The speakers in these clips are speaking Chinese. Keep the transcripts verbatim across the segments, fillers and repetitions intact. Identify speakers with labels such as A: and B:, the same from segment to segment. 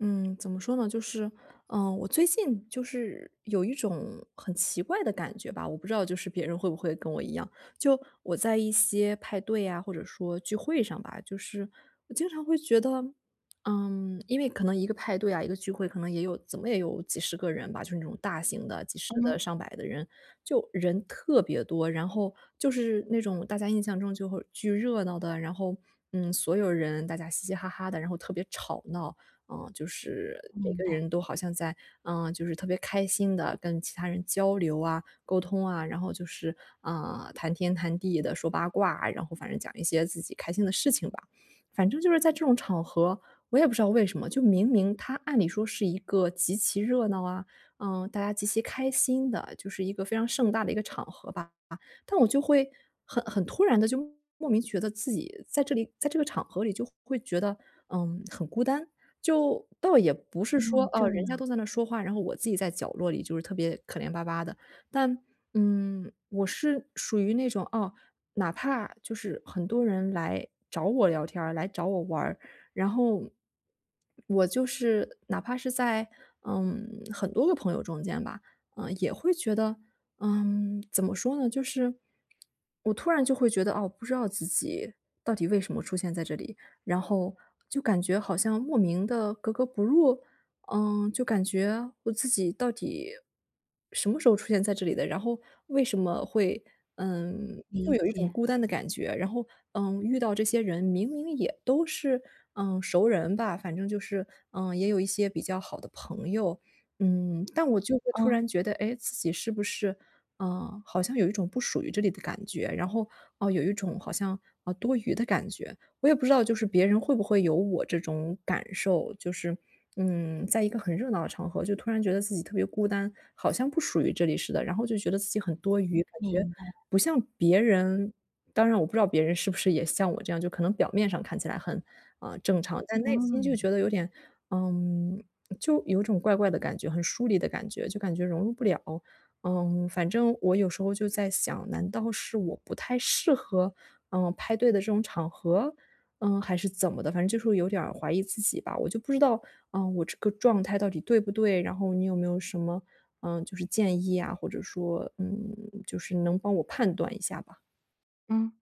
A: 嗯，怎么说呢，就是，嗯，我最近就是有一种很奇怪的感觉吧，我不知道就是别人会不会跟我一样。就我在一些派对呀，或者说聚会上吧，就是我经常会觉得嗯，因为可能一个派对啊，一个聚会，可能也有怎么也有几十个人吧，就是那种大型的几十个、
B: 嗯。
A: 上百的人，就人特别多。然后就是那种大家印象中就会巨热闹的，然后，嗯，所有人大家嘻嘻哈哈的，然后特别吵闹。嗯，就是每
B: 明
A: 个
B: 白。
A: 人都好像在呃，就是特别开心地跟其他人交流啊，沟通啊，然后就是，呃，谈天谈地地说八卦，然后反正讲一些自己开心的事情吧。反正就是在这种场合，我也不知道为什么，就明明它按理说是一个极其热闹啊，呃，大家极其开心的，就是一个非常盛大的一个场合吧。啊，但我就会很很突然地就莫名觉得自己在这里在这个场合里就会觉得，嗯，很孤单。就倒也不是
B: 哦，
A: 说，啊，
B: 这
A: 人家
B: 样。
A: 都在那说话，然后我自己在角落里就是特别可怜巴巴的。但，嗯，我是属于那种啊，哪怕就是很多人来找我聊天儿、来找我玩儿，然后我就是哪怕是在，嗯，很多个朋友中间吧，嗯，也会觉得，嗯，怎么说呢，就是我突然就会觉得，哦，不知道自己到底为什么出现在这里，然后就感觉好像莫名地格格不入？嗯，就感觉，我自己到底什么时候出现在这里的，然后为什么会嗯，就
B: 理
A: 有一种
B: 解。
A: 孤单的感觉。然后，嗯，遇到这些人明明也都是，嗯，熟人吧。反正就是，嗯，也有一些比较好的朋友。嗯，但我就会突
B: 嗯。
A: 然觉得，诶，自己是不是啊，好像有一种不属于这里的感觉。然后，呃，有一种好像，呃，多余的感觉。我也不知道就是别人会不会有我这种感受，就是，嗯，在一个很热闹的场合就突然觉得自己特别孤单，好像不属于这里似的，然后就觉得自己很多余，感
B: 明
A: 觉
B: 白。
A: 不像别人当然我不知道别人是不是也像我这样，就可能表面上看起来很，呃，正常，但内心就
B: 嗯。
A: 觉得有点呃，就有种怪怪的感觉，很疏离的感觉，就感觉融入不了。嗯，反正我有时候就在想，难道是我不太适合，嗯，派对的这种场合？嗯，还是怎么的反正就是会有点儿怀疑自己吧。我就不知道，嗯啊，我这个状态到底对不对，然后你有没有什么，呃，就是建议啊，或者说，嗯，就是能帮我判断一下吧。
B: 嗯。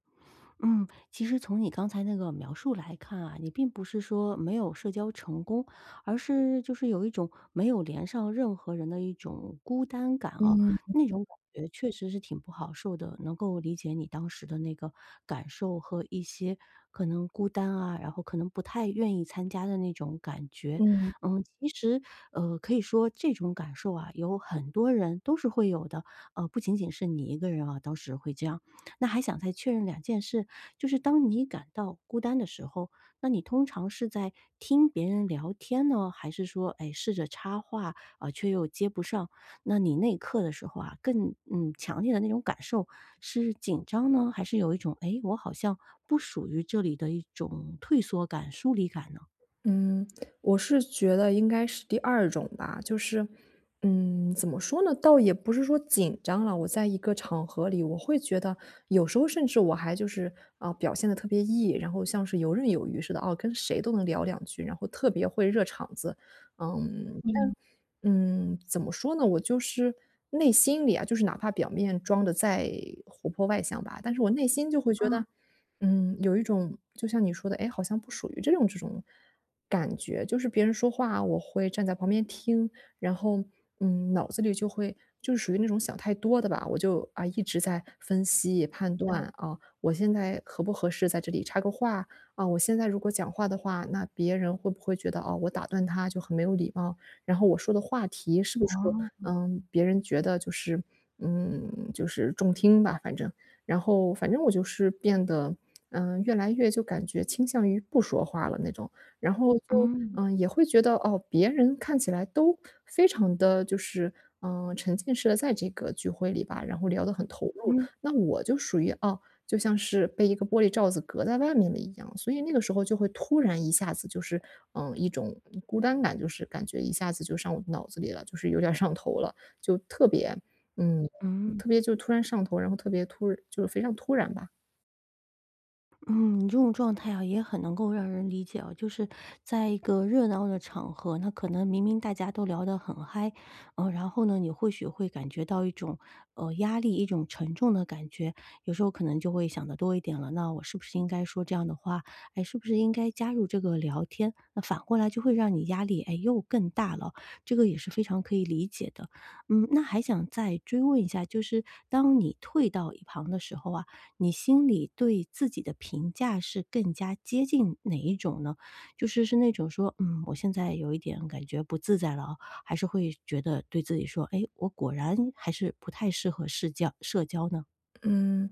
B: 嗯，其实从你刚才那个描述来看啊，你并不是说没有社交成功，而是就是有一种没有连上任何人的一种孤单感哦，
A: 嗯嗯
B: 那
A: 嗯。
B: 种感觉确实是挺不好受的。能够理解你当时的那个感受和一些可能孤单啊、然后可能不太愿意参加的那种感觉。
A: 嗯。
B: 嗯，其实，呃，可以说这种感受啊，有很多人都是会有的，呃，不仅仅是你一个人哦，当时会这样。那还想再确认两件事，就是当你感到孤单的时候，那你通常是在听别人聊天呢，还是说，哎，试着插话，呃，却又接不上？那你那一刻的时候啊，更嗯，强烈的那种感受是紧张呢？还是有一种，哎，我好像不属于这里的一种退缩感、疏离感呢？
A: 嗯，我是觉得应该是第二种吧。就是，嗯，怎么说呢？倒也不是说紧张了，我在一个场合里，我会觉得，有时候甚至我还就是，嗯，表现得特别 E，然后像是游刃有余似的，哦，跟谁都能聊两句，然后特别会热场子。嗯，
B: 嗯。
A: 但嗯，怎么说呢？我就是内心里啊，就是哪怕表面装得再活泼外向吧，但是我内心就会觉
B: 啊。
A: 得，嗯，有一种就像你说的，哎，好像不属于这种这种感觉。就是别人说话，我会站在旁边听，然后，嗯，脑子里就会就是属于那种想太多的吧，我就，啊，一直在分析、判
B: 对。
A: 断，啊，我现在合不合适在这里插个话？啊，我现在如果讲话的话，那别人会不会觉得，哦，我打断他就很没有礼貌？然后我说的话题是不是，
B: 哦。
A: 呃，别人觉得就是嗯，就是中听吧，反正。然后反正我就是变得，嗯，越来越就感觉倾向于不说话了那种，然后就，
B: 嗯。
A: 呃，也会觉得，哦，别人看起来都非常地就是，呃，沉浸式地在这个聚会里吧，然后聊得很投入。
B: 嗯。
A: 那我就属于，哦，就像是被一个玻璃罩子隔在外面的一样，所以那个时候就会突然一下子就是，嗯，一种孤单感就是感觉一下子就上我脑子里了，就是有点儿上头了，就特别嗯，
B: 嗯。
A: 特别就突然上头，然后特别突然就是非常突然吧。
B: 嗯，你这种状态呀也很能够让人理解哦。就是在一个热闹的场合，那可能明明大家都聊得很嗨，呃，然后呢你或许会感觉到一种，呃，压力，一种沉重的感觉。有时候可能就会想得多一点了，那我是不是应该说这样的话？哎，是不是应该加入这个聊天？那反过来就会让你压力，哎，又更大了哦。这个也是非常可以理解的。嗯，那还想再追问一下，就是当你退到一旁的时候啊，你心里对自己的评价是更加接近哪一种呢？就是是那种说，嗯，我现在有一点感觉不自在了啊，还是会觉得对自己说，哎，我果然还是不太适合世交社交呢？
A: 嗯，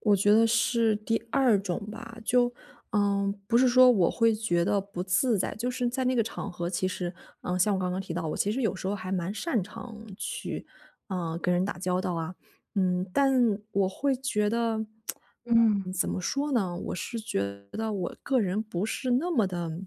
A: 我觉得是第二种吧。就，呃，不是说我会觉得不自在，就是在那个场合，其实，呃，像我刚刚提到，我其实有时候还蛮擅长去，呃，跟人打交道啊，嗯。但我会觉得，
B: 嗯。
A: 嗯，怎么说呢？我是觉得我个人不是那么地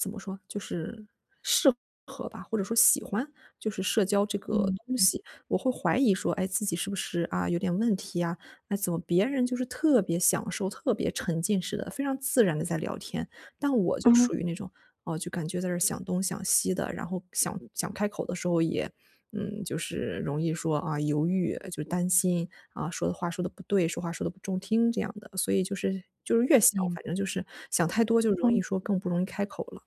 A: 怎么说，就是适合吧，或者说喜欢就是社交这个
B: 嗯
A: 东
B: 嗯。
A: 西。我会怀疑说，哎，自己是不是，啊，有点问题啊，那怎么别人就是特别享受、特别沉浸式地、非常自然地在聊天，但我就
B: 嗯。
A: 属于那种，哦，就感觉在这儿想东想西的，然后想想开口的时候也嗯，就是容易说，啊，犹豫呃，就是担心，啊，说的话说得不对，说话说得不中听这样的。所以就是就是越想
B: 明
A: 反
B: 白。
A: 正就是，想太多就容易
B: 嗯。
A: 说更不容易开口了。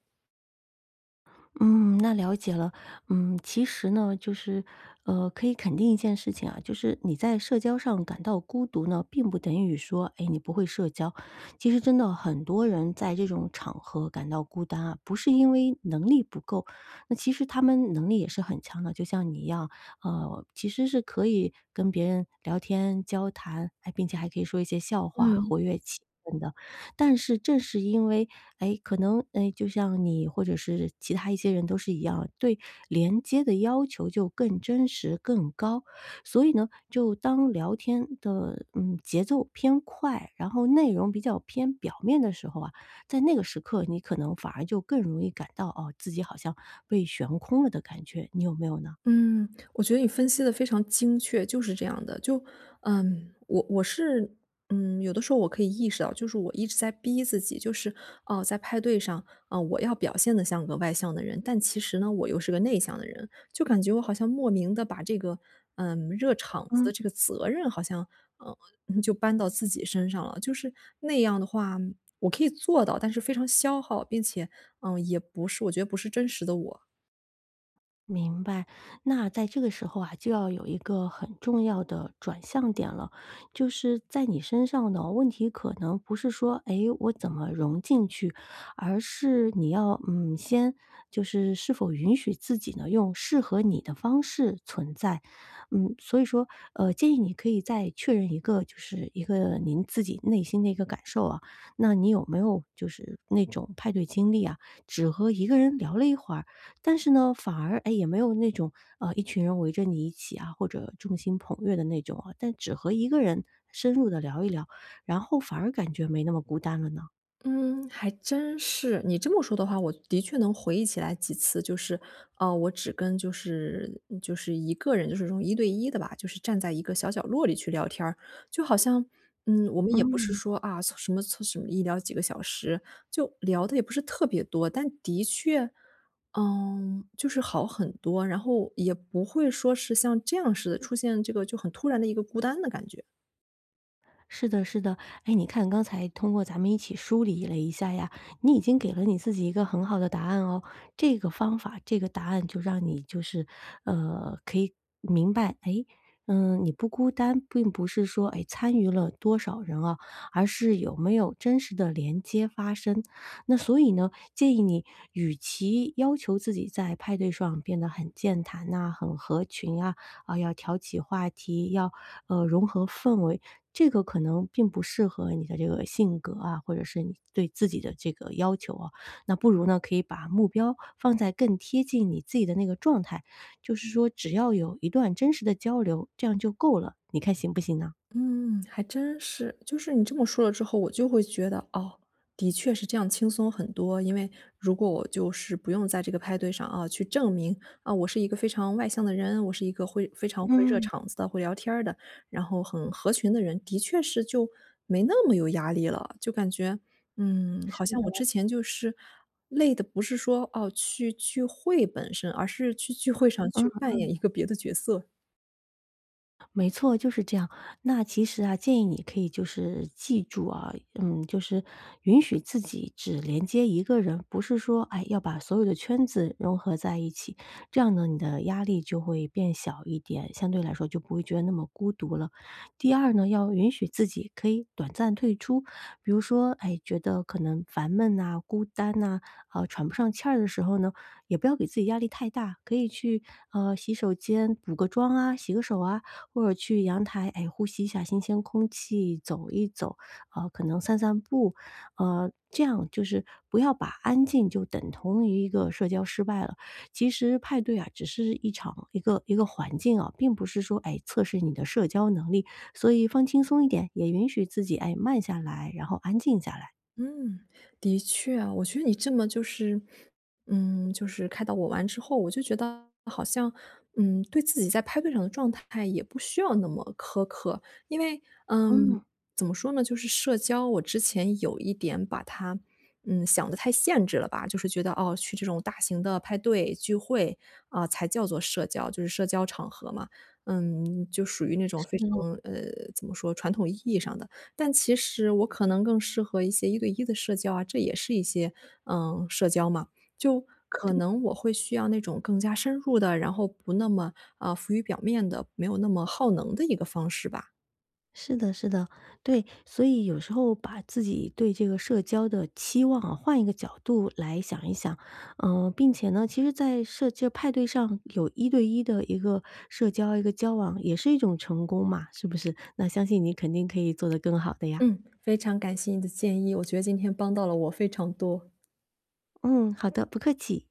B: 嗯，那了解了。嗯，其实呢，就是，呃，可以肯定一件事情啊，就是你在社交上感到孤独呢，并不等于说，哎，你不会社交。其实真的很多人在这种场合感到孤单啊，不是因为能力不够，那其实他们的能力也是很强的，就像你一样。呃，其实是可以跟别人聊天、交谈，哎，并且还可以说一些笑话
A: 嗯。
B: 活跃气氛的。但是正是因为，哎，可能，哎，就像你或者是其他一些人都是一样，对连接的要求就更真实、更高。所以呢，就当聊天的，嗯，节奏偏快，然后内容比较偏表面的时候啊，在那个时刻你可能反而就更容易感到，哦，自己好像被悬空了的感觉。你有没有呢？
A: 嗯，我觉得你分析得非常精确，就是这样的。就嗯，我我是，嗯，有的时候我可以意识到，就是我一直在逼自己。就是，呃，在派对上，啊，我要表现得像个外向的人，但其实呢，我又是个内向的人。就感觉我好像莫名的把这个，呃，热场子
B: 嗯。
A: 的这个责任好像，呃，呃，就搬到自己身上了。就是那样的话，我可以做到，但是非常消耗，并且，呃，也不是我觉得不是真实的我。
B: 明白，那在这个时候啊，就要有一个很重要的转向点了。就是在你身上呢，问题可能不是说，哎，我怎么融进去，而是你要嗯，先就是是否允许自己呢，用适合你的方式存在。嗯，所以说，呃，建议你可以再确认一个就是一个您自己内心的一个感受啊。那你有没有就是那种派对经历啊，只和一个人聊了一会儿，但是呢，反而，哎，也没有那种，呃，一群人围着你一起啊，或者众星捧月的那种啊，但只和一个人深入地聊一聊，然后反而感觉没那么孤单了呢？
A: 嗯，还真是。你这么说的话，我的确能回忆起来几次，就是，啊，我只跟就是嗯，就是一个人，就是这种一对一的吧，就是站在一个小角落里去聊天儿。就好像，嗯，我们也不是
B: 嗯。
A: 说，啊，什么从什么一聊几个小时，就聊的也不是特别多，但的确，呃，就是好很多，然后也不会说是像这样似的，出现这个就很突然的一个孤单的感觉。
B: 是的是的。哎，你看刚才通过咱们一起梳理了一下呀，你已经给了你自己一个很好的答案哦。这个方法、这个答案就让你就是，呃，可以明白，哎，呃，你不孤单，并不是说，哎，参与了多少人啊，而是有没有真实的连接发生。那所以呢，建议你与其要求自己在派对上变得很健谈呐，很合群啊，啊，要挑起话题，要，呃，融合氛围，这个可能并不适合你的这个性格啊，或者是你对自己的这个要求哦。那不如呢，可以把目标放在更贴近你自己的那个状态。就是说，只要有一段真实的交流，这样就够了。你看行不行呢？
A: 嗯，还真是。就是你这么说了之后，我就会觉得，哦，的确是这样轻松很多。因为如果我就是不用在这个派对上啊，去证明，啊，我是一个非常外向的人，我是一个会非常会热
B: 嗯。
A: 场子的、会聊天儿的，然后很合群的人，的确是就没那么有压力了。就感觉，嗯，
B: 是
A: 好像我
B: 的。
A: 之前就是累的不是说，哦，去聚会本身，而是去聚会上
B: 嗯
A: 去扮
B: 嗯。
A: 演一个别的角色。
B: 没错，就是这样。那其实啊，建议你可以就是记住啊。嗯，就是允许自己只连接一个人，不是说，哎，要把所有的圈子融合在一起。这样呢，你的压力就会变小一点，相对来说就不会觉得那么孤独了。第二呢，要允许自己可以短暂退出，比如说，哎，觉得可能烦闷呐，孤单呐，好喘不上气儿的时候呢，也不要给自己压力太大。可以去，呃，洗手间补个妆啊，洗个手啊，或者去阳台，哎，呼吸一下新鲜空气，走一走。呃，可能散散步呃，这样就是不要把安静就等同于一个社交失败了。其实派对啊，只是一场一个一个环境啊，并不是说，哎，测试你的社交能力，所以放轻松一点，也允许自己，哎，慢下来，然后安静下来。
A: 嗯，的确啊，我觉得你这么就是嗯，就是开导我完之后，我就觉得好像，嗯，对自己在派对上的状态也不需要那么苛刻。因为嗯，
B: 嗯。
A: 怎么说呢？就是社交我之前有一点把它，嗯，想的太限制了吧。就是觉得，哦，去这种大型的派对、聚会，啊，才叫作社交就是社交场合嘛。嗯，就属于那种非
B: 嗯。
A: 常呃，怎么说传统意义上的。但其实我可能更适合一些一对一的社交啊，这也是一些，呃，社交嘛。就可
B: 对。
A: 能我会需要那种更加深入的，然后不那么，呃，浮于表面的，没有那么耗能的一个方式吧。
B: 是的是的。对，所以有时候把自己对这个社交的期望啊，换一个角度来想一想。呃，并且呢，其实在设置派对上有一对一的一个社交、一个交往，也是一种成功嘛，是不是？那相信你肯定可以做得更好的呀。
A: 嗯，非常感谢你的建议，我觉得今天帮到了我非常多。
B: 嗯，好的，不客气。